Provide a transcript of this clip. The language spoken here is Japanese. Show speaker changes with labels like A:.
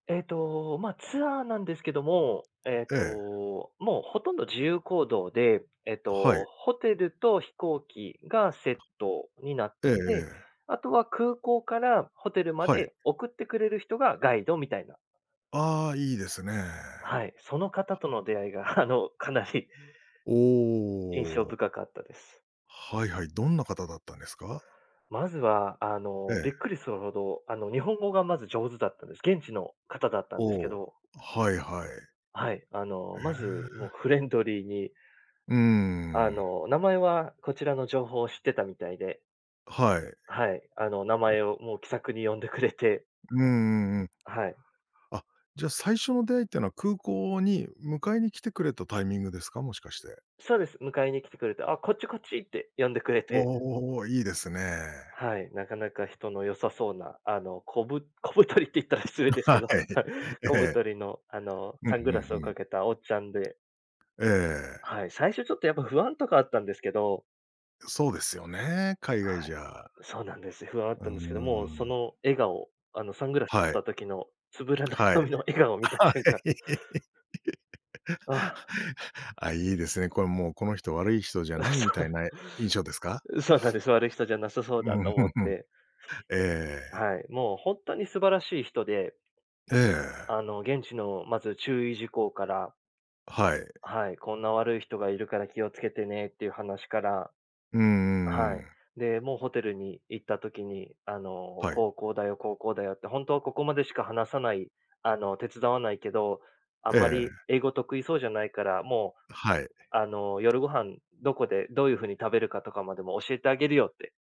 A: えっと、まあツアーなんですけども、えっ
B: ええ。
A: と、もう殆ど自由行動で、えっ
B: は
A: と、
B: い。
A: ホテルと飛行機がセットになっ
B: ええ
A: て
B: え
A: て、
B: え。
A: あとは空港からホテルま
B: はい。
A: で送ってくれる人が、ガイドみたいな
B: ああ、いいですね。
A: はい。その方との出会いがあの、かなり印象
B: おお。
A: 深かったです。
B: はいはい。どんな方だったんですか？
A: まずは、あ
B: え
A: の、
B: え。
A: びっくりするほど、あの、日本語がまず上手だったんです。現地の方だったん
B: お
A: ですけ
B: お、
A: ど
B: はいはい。
A: はい。あの、
B: へ
A: まず、もう
B: え。
A: フレンドリーに
B: うー
A: あ
B: ん。
A: の、名前はこちらの情報を知ってたみたいで。
B: はい。
A: はい。あの名前をもう気さくに呼んでくれて
B: うんうんうん。
A: はい。
B: あ、じゃ、最初の出会いってのは、空港に迎えに来てくれたタイミングですか？もしかして。
A: そうです。迎えに来てくれて、「あ、こっちこっち」って呼んでくれ
B: おお
A: て。
B: おおおおおお。いいですね。
A: はい。なかなか人の良さそうな、あの、こぶ小太りって言ったら失礼ですけ
B: は
A: ど、
B: い。え
A: 小
B: え。
A: 太りのあの、
B: うん、
A: サング
B: ふん
A: ラス
B: ふ
A: を
B: ん。
A: かけたおっちゃんで。
B: ええ。
A: はい、最初ちょっとやっぱ不安とかあったんですけど。
B: そうですよね、海外
A: はい。
B: じゃ。
A: そうなんです。不安はあっ
B: う
A: たんですけど、
B: ー
A: もう、そ
B: ん。
A: の笑顔あの、サングラス取っ
B: はい。
A: た時のつぶらな
B: はい。
A: 瞳の笑顔を見た
B: は
A: 瞬間
B: い。
A: あ
B: あ、いいですね。これもう、この人悪い人じゃ
A: あ、
B: ない、
A: そ
B: みたい
A: う
B: な印象ですか？
A: う、そうなんです。悪い人じゃなさそう
B: う
A: だ
B: ん。
A: と
B: ふ
A: 思
B: ん
A: っ
B: ふん。
A: て
B: ええ。
A: はい。もうほんとに素晴らしい人で。
B: ええ。
A: あの、現地のまず注意事項から
B: はい。
A: はい。こんな悪い人がいるから気を付けてねっていう話から
B: うんうんう
A: はい。
B: ん。
A: で、もうホテルに行った時に、あの、
B: はい。
A: こうこうだよ、こうこうだよって、ほんとはここまでしか話さないあの、手伝わないけど、あん
B: え
A: まり
B: え。
A: 英語得意そうじゃないから、も
B: はい。
A: う、あの、夜ご飯、どこでどういう風に食べるかとかまでも教えてあげるよって。